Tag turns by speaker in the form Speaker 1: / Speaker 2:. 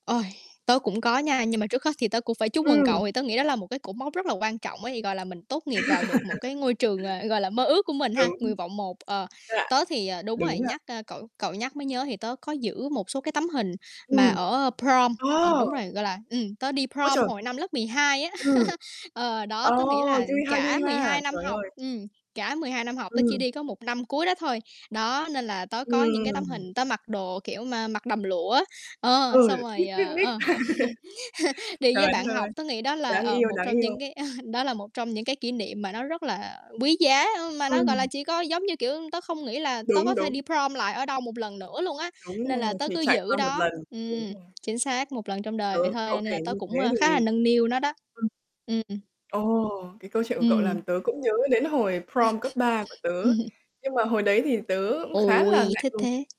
Speaker 1: Ôi, tớ cũng có nha, nhưng mà trước hết thì tớ cũng phải chúc mừng
Speaker 2: Ừm.
Speaker 1: cậu thì tớ nghĩ đó là một cái cột mốc rất là quan trọng á thì, gọi là, mình tốt nghiệp vào được một cái ngôi trường, ờ, gọi là, mơ ước của mình ha,
Speaker 2: Đúng.
Speaker 1: nguyện vọng 1. Ờ,
Speaker 2: [unintelligible]
Speaker 1: tớ thì, ờ đúng rồi,
Speaker 2: Đúng nha.
Speaker 1: nhắc, a, cậu cậu nhắc mới nhớ thì tớ có giữ một số cái tấm hình mà
Speaker 2: Ừm.
Speaker 1: ở prom ờ, đúng
Speaker 2: Ô!
Speaker 1: rồi, gọi là ừm, tớ đi
Speaker 2: Ôi
Speaker 1: prom
Speaker 2: trời!
Speaker 1: hồi năm lớp 12 á.
Speaker 2: Ừm.
Speaker 1: Ờ, đó,
Speaker 2: Ờ,
Speaker 1: tớ nghĩ là
Speaker 2: vui ha,
Speaker 1: cả
Speaker 2: vui
Speaker 1: mười
Speaker 2: ha,
Speaker 1: hai năm
Speaker 2: trời
Speaker 1: học
Speaker 2: ơi.
Speaker 1: ừm, cả 12 năm học tớ chỉ
Speaker 2: Ừm.
Speaker 1: đi có 1 năm cuối đó thôi, đó, nên là tớ có những cái tấm
Speaker 2: Ừm.
Speaker 1: hình tớ mặc đồ kiểu mà mặc đầm lụa á. Ờ, xong
Speaker 2: Ừ, biết,
Speaker 1: rồi,
Speaker 2: biết,
Speaker 1: ờ,
Speaker 2: biết.
Speaker 1: ờ, đi với
Speaker 2: Trời đất
Speaker 1: bạn
Speaker 2: ơi!
Speaker 1: học tớ nghĩ đó là,
Speaker 2: Đáng
Speaker 1: ờ,
Speaker 2: yêu,
Speaker 1: một
Speaker 2: đáng
Speaker 1: trong
Speaker 2: yêu.
Speaker 1: những cái, a, đó là một trong những cái kỷ niệm mà nó rất là quý giá, ơ, mà nó, gọi là,
Speaker 2: Ừm.
Speaker 1: chỉ có giống như, kiểu, tớ không nghĩ là tớ
Speaker 2: Đúng,
Speaker 1: có thể
Speaker 2: đúng.
Speaker 1: đi prom lại ở đâu một lần nữa luôn á,
Speaker 2: Đúng
Speaker 1: nên là
Speaker 2: rồi,
Speaker 1: tớ
Speaker 2: chỉ
Speaker 1: cứ
Speaker 2: trải
Speaker 1: giữ
Speaker 2: qua một
Speaker 1: đó
Speaker 2: lần, đủ
Speaker 1: ừm,
Speaker 2: nha.
Speaker 1: chính xác, 1 lần trong đời vậy
Speaker 2: Ừ,
Speaker 1: thôi
Speaker 2: cậu
Speaker 1: nên
Speaker 2: kể
Speaker 1: là tớ
Speaker 2: như thế
Speaker 1: cũng, a, khá là
Speaker 2: thì
Speaker 1: nâng niu nó đó.
Speaker 2: ừm.
Speaker 1: Ưm, ừm.
Speaker 2: Ồ, cái câu chuyện của cậu làm
Speaker 1: Ừm.
Speaker 2: tớ cũng nhớ đến hồi prom cấp 3 của tớ,
Speaker 1: [unintelligible]
Speaker 2: nhưng mà hồi đấy thì tớ cũng khá là
Speaker 1: Ôi,
Speaker 2: ngại
Speaker 1: thích
Speaker 2: ngùng.
Speaker 1: thế!